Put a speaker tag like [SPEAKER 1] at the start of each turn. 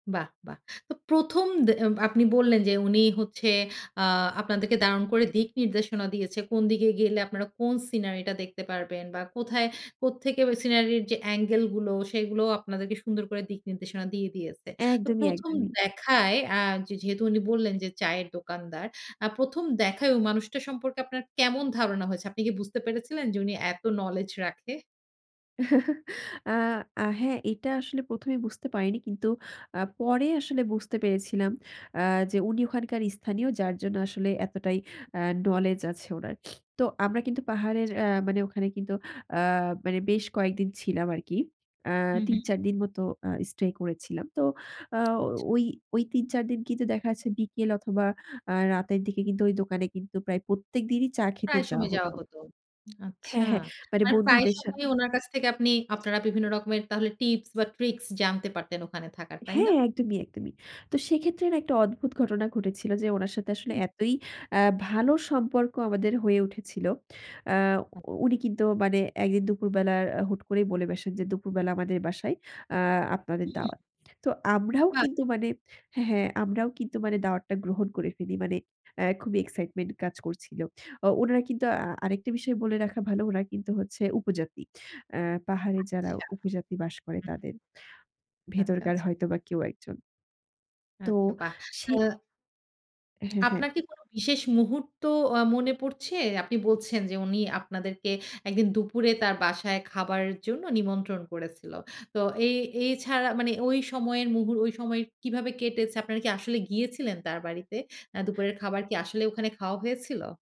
[SPEAKER 1] বাহ! বাহ! তো ১ম দে আপনি বললেন যে উনি হচ্ছে আ আপনাদেরকে দারুণ করে দিক নির্দেশনা দিয়েছে। কোন দিকে গেলে আপনারা কোন সিনারিটা দেখতে পারবেন, বা কোথায় কোত্থেকে ওই সিনারির যে অ্যাঙ্গেল গুলো সেগুলো আপনাদেরকে সুন্দর করে দিক নির্দেশনা দিয়ে দিয়েছে। তো
[SPEAKER 2] একদমই,
[SPEAKER 1] ১ম
[SPEAKER 2] একদমই।
[SPEAKER 1] দেখায় আ যে যেহেতু উনি বললেন যে চায়ের দোকানদার, আ ১ম দেখায় ওই মানুষটা সম্পর্কে আপনার কেমন ধারণা হয়েছে? আপনি কি বুঝতে পেরেছিলেন যে উনি এত নলেজ রাখে?
[SPEAKER 2] আ আ হ্যাঁ এটা আসলে প্রথমেই বুঝতে পারিনি কিন্তু আ পরে আসলে বুঝতে পেরেছিলাম আ যে উনি ওখানকার স্থানীয় যার জন্য আসলে এতটাই আ নলেজ আছে ওনার। তো আমরা কিন্তু পাহাড়ের
[SPEAKER 1] আচ্ছা।
[SPEAKER 2] আ মানে ওখানে কিন্তু আ মানে বেশ কয়েকদিন ছিলাম আরকি আ
[SPEAKER 1] হুম,
[SPEAKER 2] তিন
[SPEAKER 1] হুম।
[SPEAKER 2] চার দিন মতো স্টে করেছিলাম। তো আ
[SPEAKER 1] আচ্ছা।
[SPEAKER 2] ওই ওই ৩-৪ দিন কিন্তু দেখা যাচ্ছে বিকেল অথবা আ রাতের দিকে কিন্তু ওই দোকানে কিন্তু প্রায় প্রত্যেকদিনই চা খেতে
[SPEAKER 1] প্রায়
[SPEAKER 2] যাওয়া
[SPEAKER 1] সময় যাওয়া
[SPEAKER 2] হত।
[SPEAKER 1] হত। আচ্ছা,
[SPEAKER 2] হ্যাঁ হ্যাঁ, মানে
[SPEAKER 1] আর প্রায়
[SPEAKER 2] বন্ধুদের সাথে।
[SPEAKER 1] সময় ওনার কাছ থেকে আপনি আপনারা বিভিন্ন রকমের তাহলে টিপস বা ট্রিকস জানতে পারতেন ওখানে থাকার, তাই না?
[SPEAKER 2] হ্যাঁ একদমই, একদমই তো সেক্ষেত্রে না একটা অদ্ভুত ঘটনা ঘটেছিল, যে উনার সাথে আসলে
[SPEAKER 1] হুম।
[SPEAKER 2] এতই আ ভালো সম্পর্ক আমাদের হয়ে উঠেছিল। আ
[SPEAKER 1] হ্যাঁ।
[SPEAKER 2] উনি কিন্তু মানে ১ দিন দুপুর বেলা হুট করেই বলে বেসেন যে "দুপুরবেলা আমাদের বাসায় আ আপনাদের
[SPEAKER 1] হুম।
[SPEAKER 2] দাওয়াত।" তো আমরাও
[SPEAKER 1] বাহ!
[SPEAKER 2] কিন্তু মানে হ্যাঁ, হ্যাঁ আমরাও কিন্তু মানে দাওয়াতটা গ্রহণ করে ফেলি। মানে আ খুবই এক্সাইটমেন্ট কাজ করছিল আ উনারা কিন্তু আ আরেকটা বিষয় বলে রাখা ভালো উনারা কিন্তু হচ্ছে উপজাতি। আ পাহাড়ে যারা
[SPEAKER 1] আচ্ছা,
[SPEAKER 2] উপজাতি বাস করে
[SPEAKER 1] হুম।
[SPEAKER 2] তাদের,
[SPEAKER 1] আচ্ছা,
[SPEAKER 2] ভেতরকার
[SPEAKER 1] আচ্ছা।
[SPEAKER 2] হয়তোবা কেউ একজন। তো
[SPEAKER 1] আচ্ছা বাহ!
[SPEAKER 2] সে
[SPEAKER 1] আ
[SPEAKER 2] হ্যাঁ, হ্যাঁ।
[SPEAKER 1] আপনার কি কোন বিশেষ মুহূর্ত আ মনে পড়ছে? আপনি বলছেন যে উনি আপনাদেরকে ১ দিন দুপুরে তার বাসায় খাবারের জন্য নিমন্ত্রণ করেছিল। তো এ এছাড়া মানে ওই সময়ের মুহর ওই সময় কিভাবে কেটেছে? আপনারা কি আসলে গিয়েছিলেন তার বাড়িতে? আ দুপুরের খাবার কি আসলে ওখানে খাওয়া হয়েছিল?